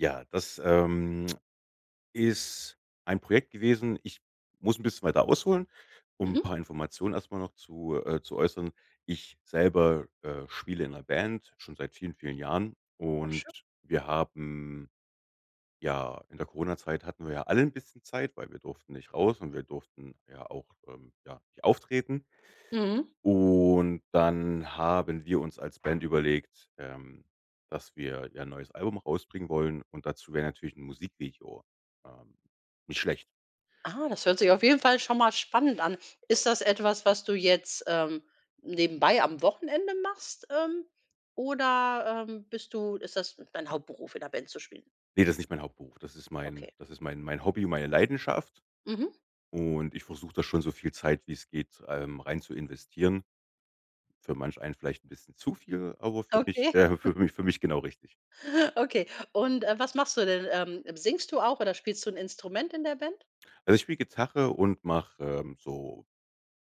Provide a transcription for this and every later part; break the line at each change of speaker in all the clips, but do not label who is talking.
Ja, das, ähm, ist ein Projekt gewesen. Ich muss 'n bisschen weiter ausholen, um 'n
Mhm.
paar Informationen erst mal noch zu äh, zu äußern. Ich selber, äh, spiele in 'ner Band, schon seit vielen vielen Jahren
Ach
und
schön.
wir haben ja, in der Corona-Zeit hatten wir ja alle 'n bisschen Zeit, weil wir durften nicht raus und wir durften ja auch, ähm, ja, nicht auftreten.
Mhm.
Und dann haben wir uns als Band überlegt, ähm, dass wir ja 'n neues Album rausbringen wollen. Und dazu wäre natürlich 'n Musikvideo, ähm, nicht schlecht.
Ah, das hört sich auf jeden Fall schon mal spannend an. Ist das etwas, was du jetzt, ähm, nebenbei am Wochenende machst, ähm, oder, ähm, bist du ist das dein Hauptberuf, in 'ner Band zu spielen?
Ne, das ist nicht mein Hauptberuf. Das ist mein
Okay.
das ist mein mein Hobby und meine Leidenschaft
Mhm.
und ich versuche da schon so viel Zeit, wie es geht, ähm, rein zu investieren. Für manch einen vielleicht 'n bisschen zu viel, aber für mich
Okay.
äh, für mich für mich genau richtig.
Okay und, äh, was machst du denn? Ähm, singst du auch oder spielst du 'n Instrument in der Band?
Also, ich spiele Gitarre und mache, ähm, so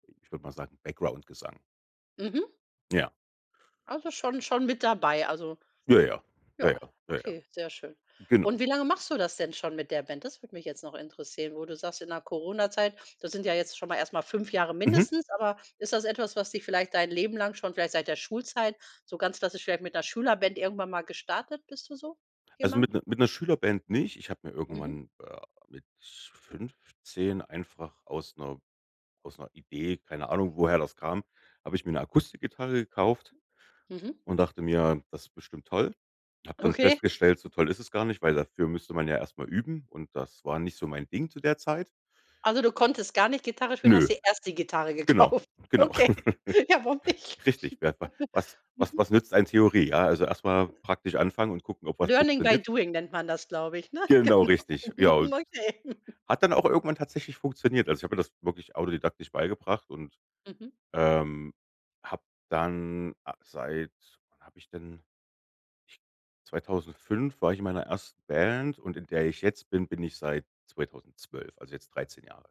I ich würd mal sagen, Background Gesang.
Mhm.
Ja.
Also schon schon mit dabei. Also
Ja, ja. Ja, ja.
Ja,
Ja, ja.
okay, sehr schön.
Genau.
Und wie lange machst du das denn schon mit der Band? Das würde mich jetzt noch interessieren. Wo du sagst, in der Corona-Zeit, das sind ja jetzt schon mal erst mal 5 Jahre
Mhm.
mindestens, aber ist das etwas, was dich vielleicht dein Leben lang schon, vielleicht seit der Schulzeit so ganz klassisch vielleicht mit 'ner Schülerband irgendwann mal gestartet? Bist du so
Also mit
jemand?
ne mit 'ner Schülerband nicht. Ich hab mir
Mhm.
irgendwann, äh, mit 15 einfach aus 'ner aus 'ner Idee- keine Ahnung woher das kam- habe ich mir 'ne Akustikgitarre gekauft
Mhm.
und dachte mir: „Das ist bestimmt toll.“ Habe dann
Okay.
festgestellt: „So toll ist das gar nicht, weil dafür müsste man ja erst mal üben“ und das war nicht so mein Ding zu der Zeit.
Also, du konntest gar nicht Gitarre spielen, hast
Nö.
dir erst die Gitarre
Genau.
gekauft.
Genau.
Okay. Ja, warum nicht?
Richtig. Wer wa was was
Mhm.
was nützt einem Theorie? Ja, also, erst mal praktisch anfangen und gucken, ob was
Learning by
funktioniert.
doing, nennt man das glaube ich, ne,
Genau
genau.
richtig. Ja,
Hm,
und
okay.
hat dann auch irgendwann tatsächlich funktioniert. Also, ich habe mir das wirklich autodidaktisch beigebracht und,
Mhm.
ähm, habe dann, ah seit wann habe ich denn? 2005 war ich in meiner ersten Band und in der ich jetzt bin, bin ich seit 2012, also jetzt 13 Jahre.